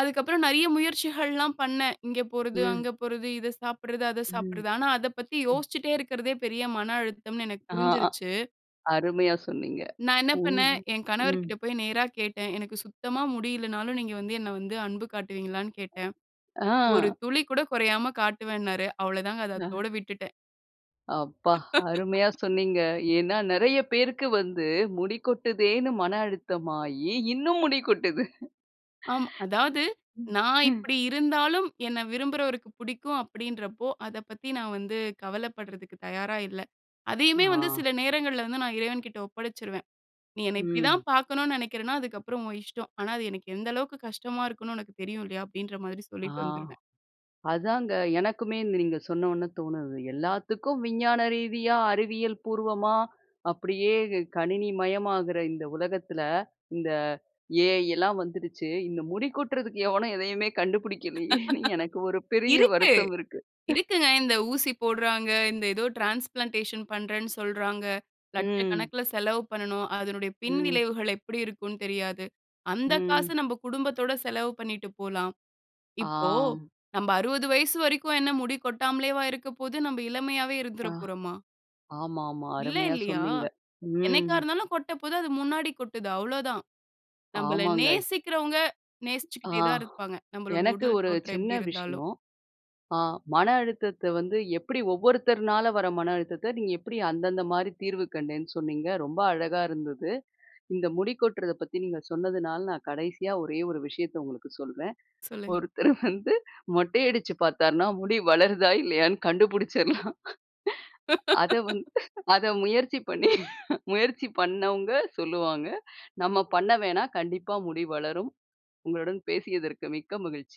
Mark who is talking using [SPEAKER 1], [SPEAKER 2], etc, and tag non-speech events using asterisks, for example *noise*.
[SPEAKER 1] அதுக்கப்பறம் நெறைய முயற்சிகள்லாம் பண்ணேன். இங்க போறது,
[SPEAKER 2] ம்.
[SPEAKER 1] அங்க போறது, இத சாப்பிடுறது, அத
[SPEAKER 2] ம்.
[SPEAKER 1] சாப்பிடுறது. ஆனா அத பத்தி
[SPEAKER 2] ம்.
[SPEAKER 1] யோசிச்சிட்டே இருக்கிறதே பெரிய மன அழுத்தம்ன்னு எனக்கு
[SPEAKER 2] ஆ,
[SPEAKER 1] புரிஞ்சிருச்சு.
[SPEAKER 2] அருமையா சொன்னீங்க.
[SPEAKER 1] நா என்ன
[SPEAKER 2] உண்
[SPEAKER 1] பண்ணேன், என் கணவர்
[SPEAKER 2] ம்.
[SPEAKER 1] கிட்ட போய் நேரா கேட்டேன். எனக்கு சுத்தமா முடியில்லைன்னாலும் நீங்க வந்து என்ன வந்து அன்பு காட்டுவீங்களான்னு கேட்டேன். ஒரு
[SPEAKER 2] அ.
[SPEAKER 1] துளி கூட கொறையாம காட்டுவேன்னாரு. அவ்வளோ தாங்க, அத
[SPEAKER 2] அ.
[SPEAKER 1] அத்தோட விட்டுட்டேன்.
[SPEAKER 2] அப்பா அருமையா
[SPEAKER 1] *laughs*
[SPEAKER 2] சொன்னீங்க. ஏன்னா நறைய பேருக்கு வந்து முடி கொட்டுதேன்னு மன அழுத்தமாயி, இன்னும் முடி கொட்டுது.
[SPEAKER 1] ஆம் அதாவது,
[SPEAKER 2] ம்.
[SPEAKER 1] "நா
[SPEAKER 2] ஹ்ம்.
[SPEAKER 1] இப்படி இருந்தாலும் என்ன விரும்புறவருக்கு புடிக்கும்." அப்படீன்றப்போ, அத பத்தி நா வந்து கவலப்படுறதுக்கு தயாரா இல்ல. அதையுமே வந்து
[SPEAKER 2] ஆ.
[SPEAKER 1] சில நேரங்கள்ல வந்து நா இறைவன்கிட்ட ஒப்படைச்சுருவேன். "நீ என்ன இப்படி
[SPEAKER 2] ம்.
[SPEAKER 1] தான் பாக்கணும்ன்னு நெனைக்கிறன்னா அதுக்கப்பறம் உன் இஷ்டம். ஆனா அது எனக்கு எந்த அளவுக்கு கஷ்டமா இருக்கும்ன்னு உனக்கு தெரியும் இல்லையா?" அப்படீன்ற மாரி
[SPEAKER 2] ஆ.
[SPEAKER 1] சொல்லிட்டு வந்துருவேன்.
[SPEAKER 2] அதாங்க. எனக்குமே நீங்க சொன்ன ஒன்ன தோணுது. எல்லாத்துக்கும் விஞ்ஞான ரீதியா, அறிவியல் பூர்வமா அப்படியே கணினி மயமாகற இந்த உலகத்தில, இந்த ஏ.ஐ. எல்லாம் வந்துருச்சு. இந்த முடி கொட்டுறதுக்கு எவனும் எதையுமே கண்டுபுடிக்கிலியேன்னு எனக்கு ஒரு
[SPEAKER 1] *laughs*
[SPEAKER 2] பெரிய
[SPEAKER 1] .இருக்கு,
[SPEAKER 2] வருத்தம் இருக்கு.
[SPEAKER 1] இருக்குங்க. இந்த ஊசி போடுறாங்க, இந்த ஏதோ டிரான்ஸ்ப்ளான்டேஷன் பண்ணுறேன்னு சொல்றாங்க.
[SPEAKER 2] ம்.
[SPEAKER 1] லட்சக்கணக்குல செலவு பண்ணணும். அதனுடைய பின்
[SPEAKER 2] ம்.
[SPEAKER 1] விளைவுகள் எப்படி இருக்கும்ன்னு தெரியாது. அந்த காச
[SPEAKER 2] ம்.
[SPEAKER 1] நம்ப குடும்பத்தோட செலவு பண்ணீட்டு போலாம். இப்போ
[SPEAKER 2] ஆம்.
[SPEAKER 1] நம்ப 60 வயசு வரைக்கும் என்ன முடி கொட்டாமலேவா இருக்க போது? நம்ப இளமையாவே இருந்துற
[SPEAKER 2] ஆ.
[SPEAKER 1] போறோமா?
[SPEAKER 2] ஆமா, ஆமா.
[SPEAKER 1] இல்ல,
[SPEAKER 2] அருமையா
[SPEAKER 1] இல்லியா?
[SPEAKER 2] சொன்னீங்க.
[SPEAKER 1] என்னைக்கா
[SPEAKER 2] ம்.
[SPEAKER 1] இருந்தாலும் கொட்டப்போது, அது முன்னாடி கொட்டுது அவ்வளோதான். நம்பள
[SPEAKER 2] ஆமாங்க.
[SPEAKER 1] நேசிக்கிறவங்க
[SPEAKER 2] ஆ
[SPEAKER 1] நேசிச்சுக்கிட்டே தான் இருப்பாங்க. நம்பளுடைய
[SPEAKER 2] எனக்கு
[SPEAKER 1] உடல்
[SPEAKER 2] ஒரு
[SPEAKER 1] தோற்றம்
[SPEAKER 2] சின்ன
[SPEAKER 1] எப்படி இருந்தாலும்.
[SPEAKER 2] விஷயம். அ, மன அழுத்தத்த வந்து எப்படி ஒவ்வொருத்தர்னால வர மன அழுத்தத்த, நீங்க எப்படி அந்தந்த மாரி தீர்வு கண்டேன்னு சொன்னீங்க. ரொம்ப அழகா இருந்தது. இந்த முடி கொட்டுறத பத்தி நீங்க சொன்னதுனால நான் கடைசியா ஒரே ஒரு விஷயத்த உங்களுக்கு சொல்றேன்.
[SPEAKER 1] சொல்லுங்க.
[SPEAKER 2] ஒருத்தர் வந்து மொட்டை அடிச்சு பாத்தாருன்னா முடி வளருதா இல்லையான்னு கண்டுபுடிச்சுறலாம். அத வந் *chuckles* அத முயற்சி பண்ணி, *chuckles* முயற்சி பண்ணவங்க சொல்லுவாங்க. நம்ம பண்ண வேணாம். கண்டிப்பா முடி வளரும். உங்களுடன் பேசியதற்கு மிக்க மகிழ்ச்சி.